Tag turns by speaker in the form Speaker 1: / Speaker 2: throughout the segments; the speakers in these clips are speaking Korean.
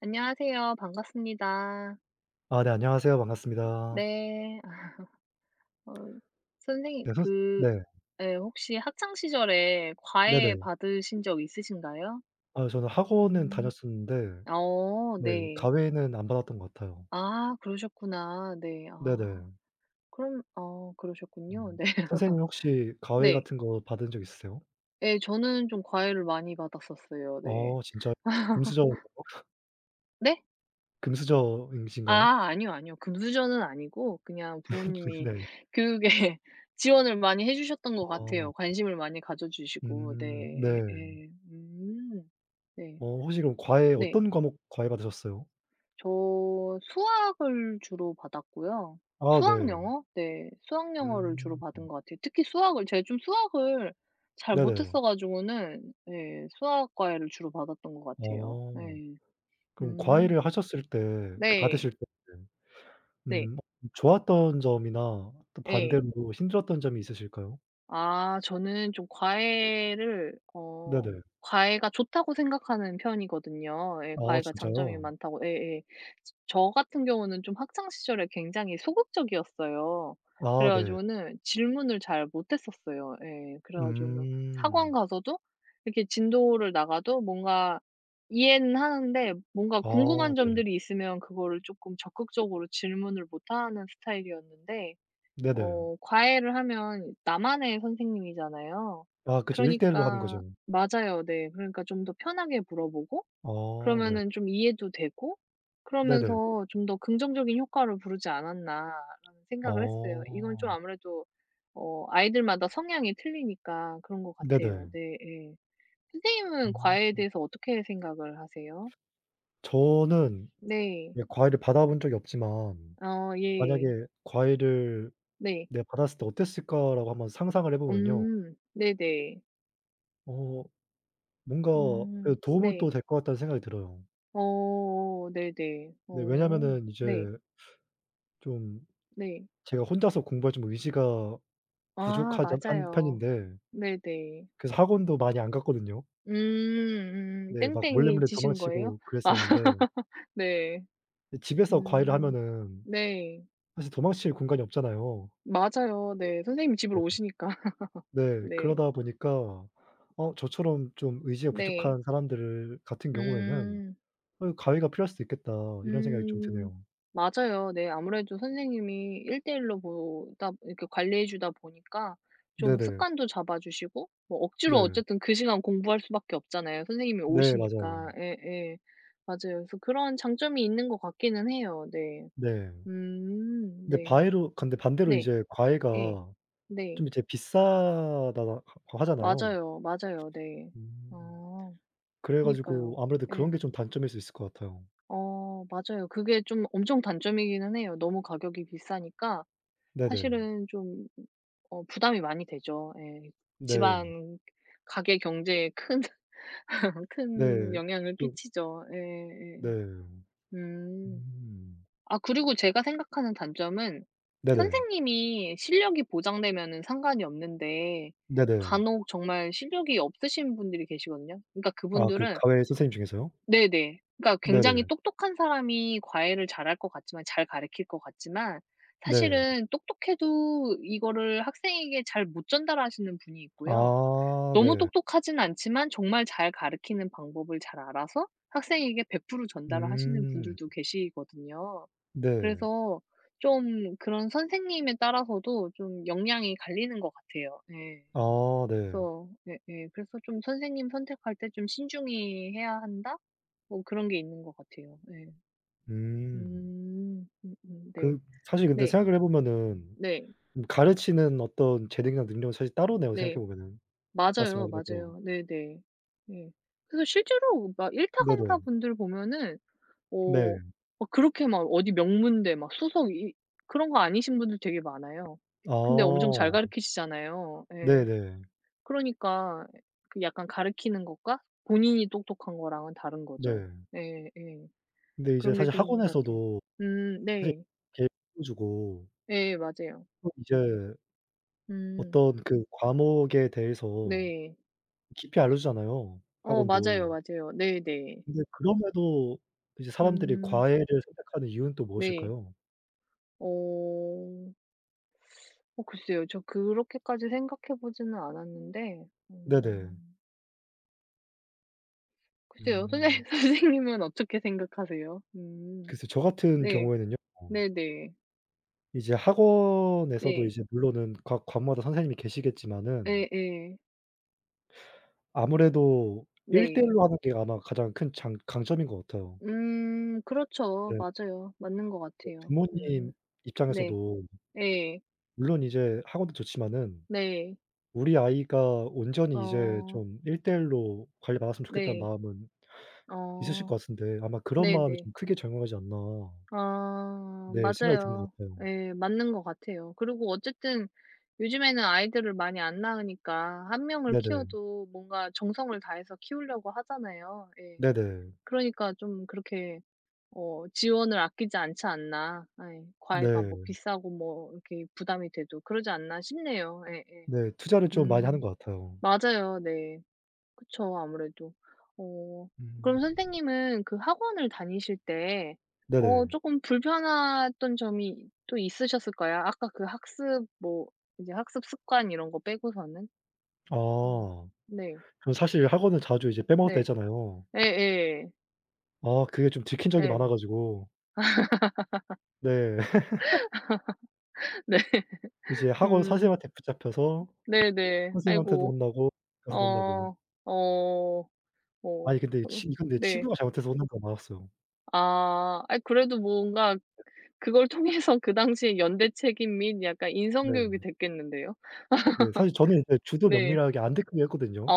Speaker 1: 안녕하세요. 반갑습니다.
Speaker 2: 아 네. 안녕하세요.
Speaker 1: 어
Speaker 2: 반갑습니다.
Speaker 1: 네. 어 선생님
Speaker 2: 네, 선
Speaker 1: 그
Speaker 2: 네.
Speaker 1: 예, 혹시 학창 시절에 과외
Speaker 2: 네네.
Speaker 1: 받으신 적 있으신가요?
Speaker 2: 아 저는 학원은
Speaker 1: 음
Speaker 2: 다녔었는데
Speaker 1: 어
Speaker 2: 네
Speaker 1: 네.
Speaker 2: 과외는 안 받았던 것 같아요.
Speaker 1: 아, 그러셨구나. 네. 아.
Speaker 2: 네네.
Speaker 1: 그럼 아 그러셨군요.
Speaker 2: 음.
Speaker 1: 네.
Speaker 2: 선생님 혹시 과외
Speaker 1: 네.
Speaker 2: 같은 거 받은 적 있으세요?
Speaker 1: 네. 저는 좀 과외를 많이 받았었어요. 네.
Speaker 2: 어 진짜요? 금수저 [unintelligible]
Speaker 1: 네?
Speaker 2: 금수저이신가요?
Speaker 1: 아 아니요, 아니요. 금수저는 아니고 그냥 부모님이
Speaker 2: 네.
Speaker 1: 교육에 지원을 많이 해 주셨던 것 같아요,
Speaker 2: 어.
Speaker 1: 관심을 많이 가져 주시고.
Speaker 2: 음
Speaker 1: 네.
Speaker 2: 네.
Speaker 1: 예예. 음. 네.
Speaker 2: 어, 혹시 그럼 과외
Speaker 1: 네.
Speaker 2: 어떤 과목 과외 받으셨어요?
Speaker 1: 저 수학을 주로 받았고요.
Speaker 2: 아,
Speaker 1: 수학,
Speaker 2: 네.
Speaker 1: 영어? 네, 수학, 영어를 주로
Speaker 2: 음. 음.
Speaker 1: 받은 것 같아요. 특히 수학을 제가 좀 수학을 잘 못했어
Speaker 2: 네네.
Speaker 1: 가지고는 네 수학 과외를 주로 받았던 것 같아요.
Speaker 2: 어,
Speaker 1: 네.
Speaker 2: 그럼
Speaker 1: 음.
Speaker 2: 과외를 하셨을 때 그
Speaker 1: 네.
Speaker 2: 받으실 때
Speaker 1: 네.
Speaker 2: 음 어 좋았던 점이나 또
Speaker 1: 예.
Speaker 2: 반대로 힘들었던 점이 있으실까요?
Speaker 1: 아, 저는 좀 과외를 어
Speaker 2: 네네.
Speaker 1: 과외가 좋다고 생각하는 편이거든요. 예
Speaker 2: 아
Speaker 1: 과외가 장점이
Speaker 2: 진짜요?
Speaker 1: 많다고 예예. 저 같은 경우는 좀 학창 시절에 굉장히 소극적이었어요.
Speaker 2: 아
Speaker 1: 그래
Speaker 2: 네.
Speaker 1: 가지고는 질문을 잘 못했었어요. 예. 그래 가지고는 학원
Speaker 2: 음.
Speaker 1: 가서도 이렇게 진도를 나가도 뭔가 이해는 하는데 뭔가
Speaker 2: 아
Speaker 1: 궁금한
Speaker 2: 네.
Speaker 1: 점들이 있으면 그거를 쪼끔 적극적으로 질문을 못 하는 스타일이었는데.
Speaker 2: 네네.
Speaker 1: 어 과외를 하면 나만의 선생님이잖아요.
Speaker 2: 아, 그죠. 1 대 1로 하는
Speaker 1: 그러니까
Speaker 2: 거죠.
Speaker 1: 맞아요 네. 그러니까 좀 더 편하게 물어보고
Speaker 2: 아, 네.
Speaker 1: 그러면은 좀 이해도 되고
Speaker 2: 네네.
Speaker 1: 그러면서 '좀 더 긍정적인 효과를 부르지 않았나.'라는 생각을 했어요. 이건 좀
Speaker 2: 어.
Speaker 1: 아무래도 어 아이들마다 성향이 틀리니까 그런 것 같아요.
Speaker 2: 네네.
Speaker 1: 네 예. 선생님은
Speaker 2: 음.
Speaker 1: 과외에 대해서 어떻게 생각을 하세요?
Speaker 2: 저는
Speaker 1: 네.
Speaker 2: 예 과외를 받아 본 적이 없지만
Speaker 1: 아
Speaker 2: 만약에
Speaker 1: 예.
Speaker 2: “과외를
Speaker 1: 네.
Speaker 2: 내가 받았을 때 어땠을까?”라고 한번 상상을 해 보면요.
Speaker 1: 음, 네네.
Speaker 2: 어 뭔가 예
Speaker 1: 음
Speaker 2: 도움이 또
Speaker 1: 네.
Speaker 2: 될 것 같다는 생각이 들어요.
Speaker 1: 어어 네네.
Speaker 2: 네.
Speaker 1: 어
Speaker 2: 왜냐면은
Speaker 1: 네.
Speaker 2: 이제 좀
Speaker 1: 네.
Speaker 2: 제가 혼자서 공부할 좀 의지가
Speaker 1: 아
Speaker 2: 부족하지 한
Speaker 1: 맞아요.
Speaker 2: 편인데
Speaker 1: 네 네.
Speaker 2: 그래서 학원도 많이 안 갔거든요.
Speaker 1: 음 음
Speaker 2: 네. 막
Speaker 1: 땡땡이
Speaker 2: 몰래몰래
Speaker 1: 치신 거예요?
Speaker 2: 도망치고 그랬었는데
Speaker 1: 네.
Speaker 2: 근데 집에서 과외를
Speaker 1: 음
Speaker 2: 하면은
Speaker 1: 네.
Speaker 2: 사실 도망칠 공간이 없잖아요.
Speaker 1: 맞아요. 네. 선생님이
Speaker 2: 네.
Speaker 1: 집으로 오시니까.
Speaker 2: 네.
Speaker 1: 네.
Speaker 2: 그러다 보니까 어 저처럼 좀 의지가
Speaker 1: 네.
Speaker 2: 부족한 사람들을 같은 경우에는
Speaker 1: 음.
Speaker 2: '어 과외가 필요할 수도 있겠다.' 이런 생각이 좀
Speaker 1: 음
Speaker 2: 드네요.
Speaker 1: 맞아요. 네. 아무래도 선생님이 1 대1 로 보다 이렇게 관리해 주다 보니까 좀
Speaker 2: 네네.
Speaker 1: 습관도 잡아주시고 뭐 억지로
Speaker 2: 네.
Speaker 1: 어쨌든 그 시간 공부할 수밖에 없잖아요 선생님이
Speaker 2: 네
Speaker 1: 오시니까.
Speaker 2: 맞아요.
Speaker 1: 예 예. 맞아요. 그래서 그런 장점이 있는 것 같기는 해요. 네.
Speaker 2: 네.
Speaker 1: 음
Speaker 2: 근데
Speaker 1: 네.
Speaker 2: 바위로 근데 반대로
Speaker 1: 네.
Speaker 2: 이제 과외가
Speaker 1: 예. 네.
Speaker 2: 좀 이제 비싸다하 고 하잖아요.
Speaker 1: 맞아요, 맞아요 네.
Speaker 2: 음
Speaker 1: 아
Speaker 2: 그래 가지고
Speaker 1: 그니까요.
Speaker 2: 아무래도 그런게
Speaker 1: 예.
Speaker 2: 좀 단점일 수 있을 것 같아요.
Speaker 1: 어 맞아요. 그게 좀 엄청 단점이기는 해요. 너무 가격이 비싸니까
Speaker 2: 네네.
Speaker 1: 사실은 좀 어 부담이 많이 되죠. 예.
Speaker 2: 네.
Speaker 1: 지방 가계 경제에 큰 큰
Speaker 2: 네.
Speaker 1: 영향을
Speaker 2: 좀
Speaker 1: 끼치죠. 예 예.
Speaker 2: 네.
Speaker 1: 음
Speaker 2: 음.
Speaker 1: 아 그리고 제가 생각하는 단점은
Speaker 2: 네네.
Speaker 1: 선생님이 실력이 보장되면은 상관이 없는데
Speaker 2: 네네.
Speaker 1: 간혹 정말 실력이 없으신 분들이 계시거든요. 그러니까
Speaker 2: 아 그
Speaker 1: 그분들은
Speaker 2: 과외 선생님 중에서요?
Speaker 1: 네 네. 그니까
Speaker 2: 네 네.
Speaker 1: 굉장히 똑똑한 사람이 과외를 잘할 것 같지만 잘 가르칠 것 같지만
Speaker 2: 네.
Speaker 1: 사실은 똑똑해도 이거를 학생에게 잘 못 전달하시는 분이 있고요.
Speaker 2: 아
Speaker 1: 너무
Speaker 2: 네.
Speaker 1: 똑똑하진 않지만 정말 잘 가르치는 방법을 잘 알아서 학생에게 100% 전달을 하시는
Speaker 2: 음.
Speaker 1: 분들도 계시거든요.
Speaker 2: 네.
Speaker 1: 그래서 좀 그런 선생님에 따라서도 좀 역량이 갈리는 것 같아요. 네.
Speaker 2: 아 네.
Speaker 1: 그래서 네 예. 그래서 좀 선생님 선택할 때 좀 신중히 해야 한다? 뭐 그런 게 있는 것 같아요. 네.
Speaker 2: 음.
Speaker 1: 음 음 음 네.
Speaker 2: 그 사실 근데
Speaker 1: 네.
Speaker 2: 생각을 해 보면은
Speaker 1: 네.
Speaker 2: 가르치는 어떤 재능이랑 능력은 사실 따로네요
Speaker 1: 네.
Speaker 2: 생각해 보면은
Speaker 1: 맞아요,
Speaker 2: 말씀하신 것처럼.
Speaker 1: 맞아요. 네 네. 음. 그래서 실제로 막 1 타
Speaker 2: 네네.
Speaker 1: 강사분들 보면
Speaker 2: 네.
Speaker 1: 뭐 막 그렇게 막 어디 명문대 막 수석 이 그런 거 아니신 분들 되게 많아요. 근데 엄청 잘
Speaker 2: 아.
Speaker 1: 가르치시잖아요.
Speaker 2: 네
Speaker 1: 예.
Speaker 2: 네.
Speaker 1: 그러니까 약간 가르치는 것과 본인이 똑똑한 거랑은 다른 거죠.
Speaker 2: 네.
Speaker 1: 네 예.
Speaker 2: 근데 이제
Speaker 1: 그런 게
Speaker 2: 사실
Speaker 1: 좀 있는 것 같아요.
Speaker 2: 학원에서도
Speaker 1: 음
Speaker 2: 사실
Speaker 1: 네.
Speaker 2: 개 주고
Speaker 1: 네, 맞아요.
Speaker 2: 또 이제
Speaker 1: 음.
Speaker 2: 어떤 그 과목에 대해서
Speaker 1: 네.
Speaker 2: 깊이 알려 주잖아요
Speaker 1: 어 맞아요,
Speaker 2: 학원도.
Speaker 1: 맞아요. 네, 네.
Speaker 2: 근데 그럼에도 이제 사람들이
Speaker 1: 음.
Speaker 2: 과외를 선택하는 이유는 또
Speaker 1: 네.
Speaker 2: 무엇일까요?
Speaker 1: 어. 어 글쎄요. 저 그렇게까지 생각해 보지는 않았는데
Speaker 2: 네네.
Speaker 1: 음. 글쎄요.
Speaker 2: 음.
Speaker 1: 선생 선생님은 어떻게 생각하세요? 음
Speaker 2: 글쎄 저 같은
Speaker 1: 네.
Speaker 2: 경우에는요.
Speaker 1: 네네.
Speaker 2: 이제 학원에서도
Speaker 1: 네.
Speaker 2: 이제 물론은 각 과마다 선생님이 계시겠지만은
Speaker 1: 예예.
Speaker 2: 아무래도 1 대 1
Speaker 1: 네.
Speaker 2: 로 하는 게 아마 가장 큰 장 강점인 것 같아요.
Speaker 1: 음 그렇죠.
Speaker 2: 네.
Speaker 1: 맞아요. 맞는 것 같아요.
Speaker 2: 부모님
Speaker 1: 음 네.
Speaker 2: 입장에서도
Speaker 1: 예.
Speaker 2: 물론 이제 학원도 좋지마는
Speaker 1: 네.
Speaker 2: 우리 아이가 온전히 이제
Speaker 1: 어.
Speaker 2: 좀 1 대 1 로 관리받았으면 좋겠다는
Speaker 1: 네.
Speaker 2: 마음은 있으실
Speaker 1: 어
Speaker 2: 것 같은데 아마 그런 마음이
Speaker 1: 네네.
Speaker 2: 좀 크게 작용하지 않나
Speaker 1: 아
Speaker 2: 네 생각이 드는 것
Speaker 1: 맞아요.
Speaker 2: 같아요.
Speaker 1: 예 맞는 것 같아요. 그리고 어쨌든 요즘에는 아이들을 많이 안 낳으니까 1 명을
Speaker 2: 네네.
Speaker 1: 키워도 뭔가 정성을 다해서 키우려고 하잖아요. 예.
Speaker 2: 네네.
Speaker 1: '그러니까 좀 그렇게 어 지원을 아끼지 않지 않나.' 예. '과외가 뭐
Speaker 2: 네.
Speaker 1: 비싸고 뭐 이렇게 부담이 돼도 그러지 않나.' 싶네요. 예예.
Speaker 2: 네 투자를 좀 많이 하는
Speaker 1: 음.
Speaker 2: 것 같아요.
Speaker 1: 맞아요 네. 그쵸 아무래도. 어 그럼
Speaker 2: 음.
Speaker 1: 선생님은 그 학원을 다니실 때 어
Speaker 2: 네네.
Speaker 1: 쪼끔 불편했던 점이 또 있으셨을까요? 아까 그 학습 뭐 이제 학습 습관 이런 거 빼고서는? 음
Speaker 2: 아.
Speaker 1: 네.
Speaker 2: 저 사실 학원을 자주 이제 빼먹었다
Speaker 1: 네.
Speaker 2: 했잖아요.
Speaker 1: 예예.
Speaker 2: 아 그게 좀 들킨 적이
Speaker 1: 예.
Speaker 2: 많아 가지고 네.
Speaker 1: 네.
Speaker 2: 이제 학원
Speaker 1: 음.
Speaker 2: 선생님한테 붙잡혀서
Speaker 1: 네, 네.
Speaker 2: 선생님한테도
Speaker 1: 아이고.
Speaker 2: 혼나고
Speaker 1: 어
Speaker 2: 가서 논다고
Speaker 1: 어 어
Speaker 2: 아니 근데 이
Speaker 1: 으
Speaker 2: 친 근데
Speaker 1: 네.
Speaker 2: 친구가 잘못해서 혼나고 맞았어요.
Speaker 1: 아 아이 그래도 뭔가 그
Speaker 2: 네.
Speaker 1: 그걸 통해서 그 당시에 연대 책임 및 약간 인성 교육이
Speaker 2: 네.
Speaker 1: 됐겠는데요.
Speaker 2: 네. 사실 저는 이제
Speaker 1: 네.
Speaker 2: 주도면밀하게 안 들키게 했거든요.
Speaker 1: 어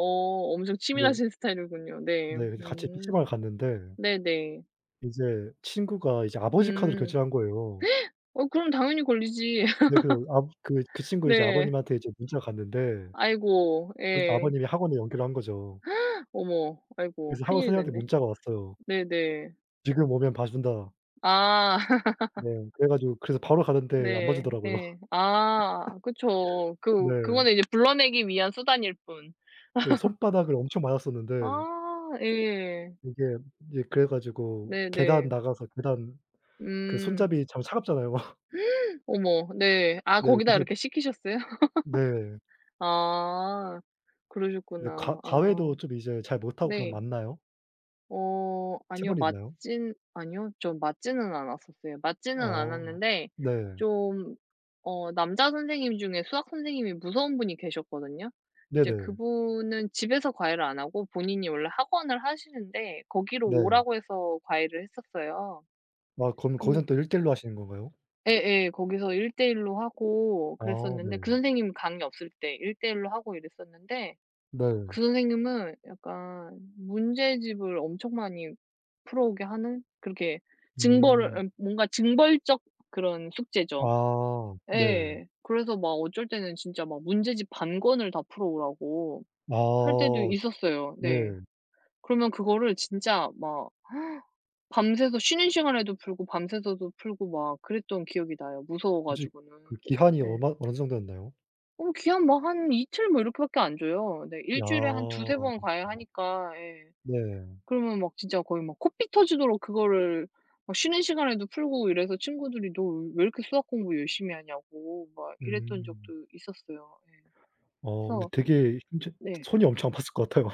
Speaker 1: 오 엄청
Speaker 2: 네.
Speaker 1: 치밀하신 스타일이군요. 네.
Speaker 2: 네. 그래서 같이
Speaker 1: 음
Speaker 2: 피시방을 갔는데
Speaker 1: 네네.
Speaker 2: 이제 친구가 이제 아버지 카드로
Speaker 1: 음.
Speaker 2: 결제를 한 거에요.
Speaker 1: 어 그럼 당연히 걸리지.
Speaker 2: 네 그 압 그 그 친구 이제
Speaker 1: 네.
Speaker 2: 아버님한테 이제 문자 갔는데
Speaker 1: 아이고
Speaker 2: 그리고 또
Speaker 1: 예.
Speaker 2: 아버님이 학원에 연결을 한 거죠.
Speaker 1: 어머. 아이고.
Speaker 2: 그래서 학원
Speaker 1: 큰일이
Speaker 2: 선생한테
Speaker 1: 났네.
Speaker 2: 문자가 왔어요.
Speaker 1: 네네.
Speaker 2: 지금 오면 봐 준다.
Speaker 1: 아
Speaker 2: 네. 그래 가지고 그래서 바로 갔는데 안 봐
Speaker 1: 네.
Speaker 2: 주더라고요.
Speaker 1: 예. 아 그쵸,
Speaker 2: 네.
Speaker 1: 그 그거는 이제 불러내기 위한 수단일 뿐.
Speaker 2: 그 손바닥을 엄청 맞았었는데
Speaker 1: 아 예.
Speaker 2: 이게 이제 그래 가지고
Speaker 1: 네,
Speaker 2: 계단
Speaker 1: 네.
Speaker 2: 나가서 계단 그
Speaker 1: 음.
Speaker 2: 손잡이 참 차갑잖아요.
Speaker 1: 어머 네. 아
Speaker 2: 네.
Speaker 1: 거기다
Speaker 2: 그래서
Speaker 1: 이렇게 시키셨어요?
Speaker 2: 네.
Speaker 1: 아
Speaker 2: 네.
Speaker 1: 그러셨구나.
Speaker 2: 과 과외도
Speaker 1: 아.
Speaker 2: 좀 이제 잘 못하고 그럼
Speaker 1: 네.
Speaker 2: 맞나요?
Speaker 1: 어, 아니요.
Speaker 2: 체벌이 있나요?
Speaker 1: 맞진 아니요. 저 맞지는 않았었어요. 맞지는
Speaker 2: 어
Speaker 1: 않았는데
Speaker 2: 네.
Speaker 1: 좀 어 남자 선생님 중에 수학 선생님이 무서운 분이 계셨거든요. 이제
Speaker 2: 네네.
Speaker 1: 그분은 집에서 과외를 안 하고 본인이 원래 학원을 하시는데 거기로
Speaker 2: 네.
Speaker 1: 오라고 해서 과외를 했었어요.
Speaker 2: 아 그럼
Speaker 1: 그
Speaker 2: 거기서 또 1 대 1 로 하시는 건가요?
Speaker 1: 예예. 거기서 1 대 1 로 하고
Speaker 2: 아
Speaker 1: 그랬었는데 그
Speaker 2: 네.
Speaker 1: 선생님 강의 없을 때 1 대 1 로 하고 이랬었는데
Speaker 2: 네.
Speaker 1: 그 선생님은 약간 문제집을 엄청 많이 풀어오게 하는 그렇게 징벌을
Speaker 2: 음.
Speaker 1: 예 뭔가 징벌적 그런 숙제죠.
Speaker 2: 아 네.
Speaker 1: 예. 그래서 막 어쩔 때는 진짜 막 문제집 반 권을 다 풀어오라고 할 때도
Speaker 2: 아
Speaker 1: 있었어요.
Speaker 2: 네.
Speaker 1: 네. 그러면 그거를 진짜 막 밤새서 쉬는 시간에도 풀고 밤새서도 풀고 막 그랬던 기억이 나요, 무서워
Speaker 2: 혹시
Speaker 1: 가지고는.
Speaker 2: 그 기한이
Speaker 1: 네.
Speaker 2: 얼마 어느 정도였나요?
Speaker 1: 어 기한 뭐 한 2 틀 뭐 이렇게밖에 안 줘요. 네. 1 주일에 한 2-3
Speaker 2: 아.
Speaker 1: 번 과외하니까. 예.
Speaker 2: 네.
Speaker 1: 그러면 막 진짜 거의 막 코피 터지도록 그거를 막 쉬는 시간에도 풀고 이래서 친구들이 너 왜 이렇게 수학 공부 열심히 하냐고 막 이랬던
Speaker 2: 음.
Speaker 1: 적도 있었어요.
Speaker 2: 어, 근데
Speaker 1: 서
Speaker 2: 되게 엄청
Speaker 1: 네.
Speaker 2: 손이 엄청 아팠을 것 같아요.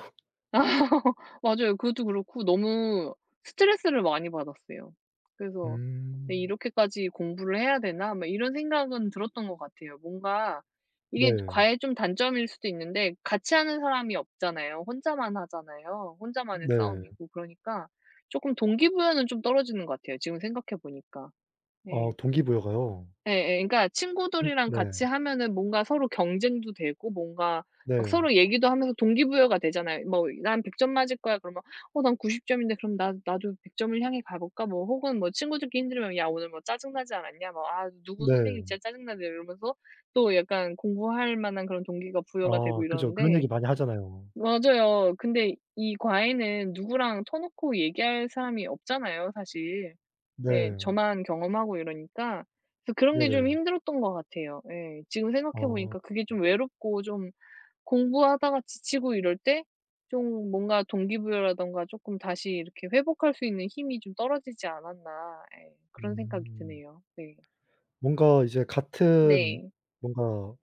Speaker 1: 맞아요. 그것도 그렇고 너무 스트레스를 많이 받았어요. 그래서 '왜
Speaker 2: 음.
Speaker 1: 이렇게까지 공부를 해야 되나?' 막 이런 생각은 들었던 것 같아요. 뭔가 이게
Speaker 2: 네.
Speaker 1: 과외의 좀 단점일 수도 있는데 같이 하는 사람이 없잖아요. 혼자만 하잖아요 혼자만의
Speaker 2: 네.
Speaker 1: 싸움이고. 그러니까 조금 동기부여는 좀 떨어지는 것 같아요, 지금 생각해 보니까.
Speaker 2: 아
Speaker 1: 네.
Speaker 2: 동기부여가요?
Speaker 1: 예예. 그니까
Speaker 2: 음
Speaker 1: 친구들이랑
Speaker 2: 네.
Speaker 1: 같이 하면은 뭔가 서로 경쟁도 되고 뭔가 막
Speaker 2: 네.
Speaker 1: 서로 얘기도 하면서 동기부여가 되잖아요. 뭐 “난 100 점 맞을 거야.” 그러면 “어, 난 90 점인데.” 그럼 “나 나도 100 점을 향해 가 볼까?” 뭐 혹은 뭐 친구들끼리 힘들면 “야, 오늘 뭐 짜증 나지 않았냐? 뭐, 아, 누구 선생님
Speaker 2: 네.
Speaker 1: 진짜 짜증 나네.” 이러면서 또 약간 공부할 만한 그런 동기가
Speaker 2: 아
Speaker 1: 부여가 되고
Speaker 2: 그죠. 그런
Speaker 1: 이러는데
Speaker 2: 얘기 많이 하잖아요.
Speaker 1: 맞아요. 근데 이 과외는 누구랑 터놓고 얘기할 사람이 없잖아요, 사실. 예,
Speaker 2: 네.
Speaker 1: 저만 경험하고 이러니까. 그래서 그런 게 좀
Speaker 2: 네네.
Speaker 1: 힘들었던 것 같아요. 예. 지금
Speaker 2: 아.
Speaker 1: 생각해 보니까 그게
Speaker 2: 음.
Speaker 1: 좀 '외롭고 좀 공부하다가 지치고 이럴 때 좀 뭔가 동기부여라든가 조금 다시 이렇게 회복할 수 있는 힘이 좀 떨어지지 않았나.' 예. 그런 생각이
Speaker 2: 음.
Speaker 1: 드네요. 네.
Speaker 2: 뭔가 이제 같은
Speaker 1: 네.
Speaker 2: 뭔가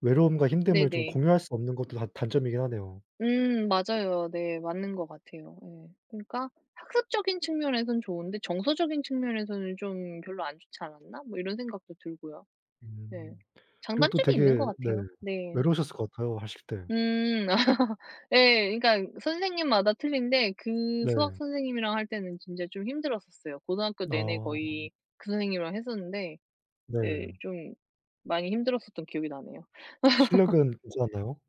Speaker 2: 외로움과 힘듦을 좀
Speaker 1: 네네.
Speaker 2: 공유할 수 없는 것도 다 단점이긴 하네요.
Speaker 1: 음, 맞아요. 네 맞는 것 같아요 예. 그러니까 '학습적인 측면에서는 좋은데 정서적인 측면에서는 좀 별로 안 좋지 않았나?' 뭐, 이런 생각도 들고요. 네,
Speaker 2: 음. 그리고 또
Speaker 1: 장단점이 있는
Speaker 2: 되게
Speaker 1: 것
Speaker 2: 네
Speaker 1: 같아요. 네.
Speaker 2: 외로우셨을 것 같아요 하실 때.
Speaker 1: 음 예, 그니까 선생님마다 틀린데 그 수학
Speaker 2: 네.
Speaker 1: 선생님이랑 할 때는 진짜 좀 힘들었었어요. 고등학교 내내
Speaker 2: 아.
Speaker 1: 거의 그 선생님이랑 했었는데 예
Speaker 2: 네.
Speaker 1: 좀 많이 힘들었었던 기억이 나네요.
Speaker 2: 실력은 괜찮았나요?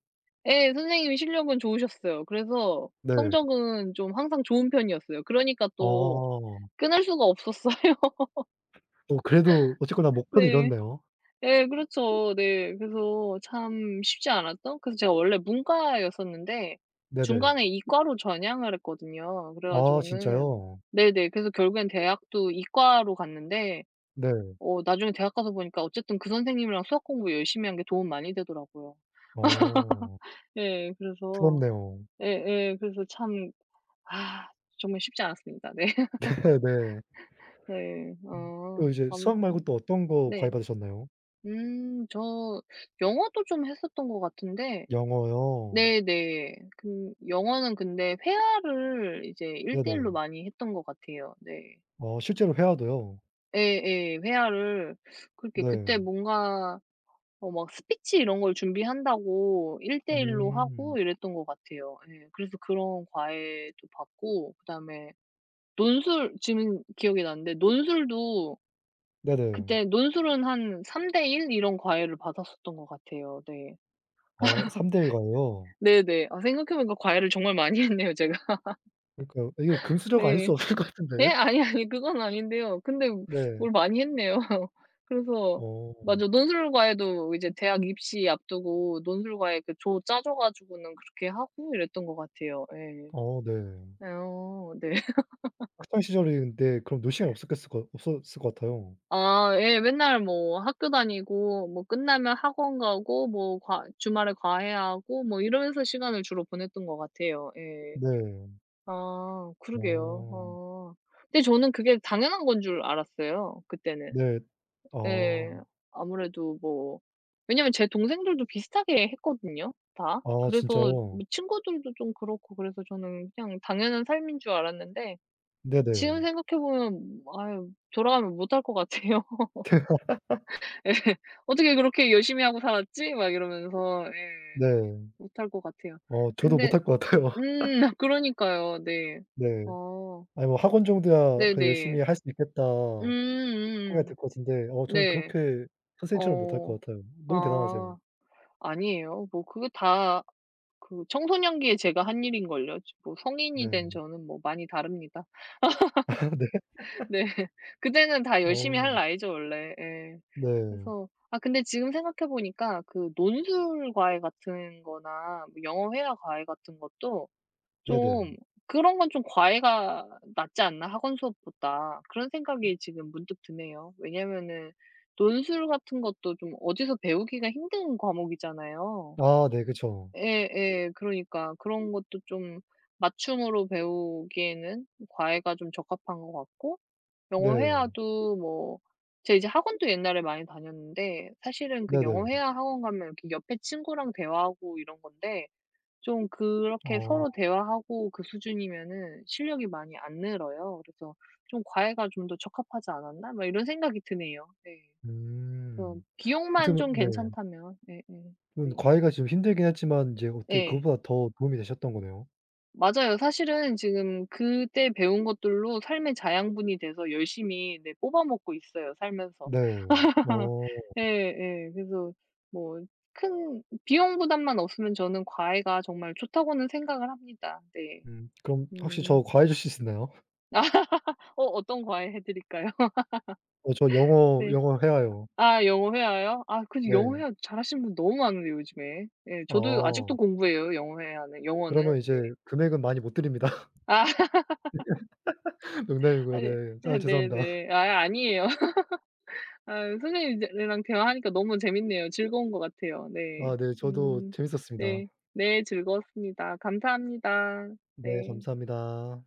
Speaker 1: 예, 선생님이 실력은 좋으셨어요. 그래서
Speaker 2: 네.
Speaker 1: 성적은 좀 항상 좋은 편이었어요. 그러니까 또
Speaker 2: 아.
Speaker 1: 끊을 수가 없었어요.
Speaker 2: 오 그래도 어쨌거나 목표는
Speaker 1: 네.
Speaker 2: 이뤘네요.
Speaker 1: 예, 그렇죠. 네. 그래서 참 쉽지 않았던. 그래서 제가 원래 문과였었는데
Speaker 2: 네네.
Speaker 1: 중간에 이과로 전향을 했거든요. 그래
Speaker 2: 아
Speaker 1: 가지고는
Speaker 2: 진짜요?
Speaker 1: 네네 그래서 결국엔 대학도 이과로 갔는데
Speaker 2: 네.
Speaker 1: 어 나중에 대학 가서 보니까 어쨌든 그 선생님이랑 수학 공부 열심히 한 게 도움이 많이 되더라고요.
Speaker 2: 어.
Speaker 1: 네, 그래서
Speaker 2: 부럽네요.
Speaker 1: 예 예 그래서 참 아 정말 쉽지 않았습니다. 네.
Speaker 2: 네 네.
Speaker 1: 네
Speaker 2: 음. 또
Speaker 1: 아.
Speaker 2: 이제 수학 말고
Speaker 1: 아무튼
Speaker 2: 또 어떤 거 과외
Speaker 1: 네.
Speaker 2: 받으셨나요?
Speaker 1: 음, 저 영어도 좀 했었던 것 같은데
Speaker 2: 영어요.
Speaker 1: 네네. 근 영어는 근데 회화를 이제 1 대 1로
Speaker 2: 네네.
Speaker 1: 많이 했던 것 같아요. 네.
Speaker 2: 어 실제로 회화도요?
Speaker 1: 예예. 회화를 그렇게 그때
Speaker 2: 네.
Speaker 1: 뭔가 어 막 Speech 이런 걸 준비한다고 1:1 로
Speaker 2: 음.
Speaker 1: 하고 이랬던 것 같아요. 예. 그래서 그런 과외도 받고 그다음에 논술 지금 기억이 나는데 논술도
Speaker 2: 네네.
Speaker 1: 그때 논술은 한 3:1 이런 과외를 받았었던 것 같아요. 네.
Speaker 2: 어 3:1 과외요.
Speaker 1: 네네. 아, 생각해 보니까 과외를 정말 많이 했네요, 제가.
Speaker 2: 그러니까요. 이게 금수저가 아닐
Speaker 1: 네.
Speaker 2: 수 없을 것
Speaker 1: 네?
Speaker 2: 같은데.
Speaker 1: 아니, 아니. 그건 아닌데요. 근데
Speaker 2: 네.
Speaker 1: 뭘 많이 했네요. 그래서
Speaker 2: 어.
Speaker 1: 맞아. 논술 과외도 이제 대학 입시 앞두고 논술 과외 그 조 짜 줘 가지고는 그렇게 하고 이랬던 것 같아요. 예.
Speaker 2: 어, 네.
Speaker 1: 어. 네.
Speaker 2: 학창 시절인데 그럼 놀 시간이 없었겠을거 없었을 것 같아요.
Speaker 1: 아, 예. 맨날 뭐 학교 다니고 뭐 끝나면 학원 가고 뭐 과 주말에 과외하고 뭐 이러면서 시간을 주로 보냈던 것 같아요. 예.
Speaker 2: 네.
Speaker 1: 아 그러게요.
Speaker 2: 어.
Speaker 1: 어 근데 저는 그게 당연한 건 줄 알았어요, 그때는.
Speaker 2: 네.
Speaker 1: 예
Speaker 2: 아.
Speaker 1: 아무래도 뭐 왜냐면 제 동생들도 비슷하게 했거든요, 다.
Speaker 2: 아,
Speaker 1: 그래서 뭐
Speaker 2: 진짜요?
Speaker 1: 친구들도 좀 그렇고 그래서 저는 그냥 당연한 삶인 줄 알았는데
Speaker 2: 네네.
Speaker 1: 지금 생각해 보면 아유 돌아가면 못 할 것 같아요. 예 '어떻게 그렇게 열심히 하고 살았지?' 막 이러면서
Speaker 2: 네.
Speaker 1: 예. 못 할 것 같아요.
Speaker 2: 어 저도
Speaker 1: 근데
Speaker 2: 못 할 것 같아요.
Speaker 1: 음, 그러니까요. 네.
Speaker 2: 네.
Speaker 1: 어.
Speaker 2: 아니 뭐 학원 정도야 그래도
Speaker 1: 네네.
Speaker 2: '열심히 할 수 있겠다.' 생각이
Speaker 1: 음음음.
Speaker 2: 들 것 같은데. 어 저는
Speaker 1: 네.
Speaker 2: 그렇게 선생님처럼 못 할
Speaker 1: 어.
Speaker 2: 것 같아요. 너무 대단하세요.
Speaker 1: 아, 아니에요. 뭐 그게 다 그 청소년기에 제가 한 일인걸요. 뭐 성인이 된
Speaker 2: 네.
Speaker 1: 저는 뭐 많이 다릅니다.
Speaker 2: 아, 네.
Speaker 1: 네. 그때는 다 열심히 할
Speaker 2: 어.
Speaker 1: 나이죠, 원래. 예.
Speaker 2: 네.
Speaker 1: 그래서 아, 근데 지금 생각해 보니까 그 논술 과외 같은 거나 뭐 영어 회화 과외 같은 것도
Speaker 2: 네네.
Speaker 1: 좀 '그런 건 좀 과외가 낫지 않나?' 학원 수업보다. 그런 생각이 지금 문득 드네요. 왜냐하면은 논술 같은 것도 좀 어디서 배우기가 힘든 과목이잖아요.
Speaker 2: 아, 네. 그쵸.
Speaker 1: 예예. 그러니까. 그런 것도 좀 맞춤으로 배우기에는 과외가 좀 적합한 것 같고, 영어
Speaker 2: 네.
Speaker 1: 회화도 뭐 제가 이제 학원도 옛날에 많이 다녔는데 사실은 그 영어
Speaker 2: 네네.
Speaker 1: 회화 학원 가면 이렇게 옆에 친구랑 대화하고 이런 건데 좀 그렇게 서로
Speaker 2: 어.
Speaker 1: 대화하고 그 수준이면은 실력이 많이 안 늘어요. 그래서 좀 '과외가 좀 더 적합하지 않았나?' 막 이런 생각이 드네요. 네. 그래서
Speaker 2: 음. 어떻게
Speaker 1: 비용만
Speaker 2: 보면
Speaker 1: 좀
Speaker 2: 네.
Speaker 1: 괜찮다면, 네네.
Speaker 2: 그런데
Speaker 1: 네.
Speaker 2: 과외가 좀 힘들긴 했지만 이제 어떻게
Speaker 1: 예.
Speaker 2: 그것보다 더 도움이 되셨던 거네요.
Speaker 1: 맞아요. 사실은 지금 그때 배운 것들로 삶의 자양분이 돼서 열심히 네 뽑아먹고 있어요, 살면서.
Speaker 2: 네. 어.
Speaker 1: 예 예. 그래서 뭐 큰 비용 부담만 없으면 저는 과외가 정말 좋다고는 생각을 합니다. 네.
Speaker 2: 음. 그럼 혹시
Speaker 1: 음.
Speaker 2: 저 과외 해 주실 수 있나요?
Speaker 1: 어, 어떤 과외 해드릴까요?
Speaker 2: 어, 저 영어
Speaker 1: 네.
Speaker 2: 영어 회화요.
Speaker 1: 아, 영어 회화요? 아 그 영어
Speaker 2: 네.
Speaker 1: 회화 잘하시는 분 너무 많은데 요즘에. 예, 저도 아직도
Speaker 2: 어.
Speaker 1: 공부해요 영어 회화는,
Speaker 2: 그러면
Speaker 1: 영어는.
Speaker 2: 이제
Speaker 1: 네.
Speaker 2: 금액은 많이 못 드립니다.
Speaker 1: 아.
Speaker 2: 농담이고요.
Speaker 1: 아니.
Speaker 2: 네.
Speaker 1: 아
Speaker 2: 아, 죄송합니다.
Speaker 1: 네네. 아이 아니에요. 아 선생님들이랑 대화하니까 너무 재밌네요. 즐거운 것 같아요. 네.
Speaker 2: 아, 네. 저도
Speaker 1: 음
Speaker 2: 재밌었습니다.
Speaker 1: 네. 네, 즐거웠습니다. 감사합니다.
Speaker 2: 네,
Speaker 1: 네.
Speaker 2: 감사합니다.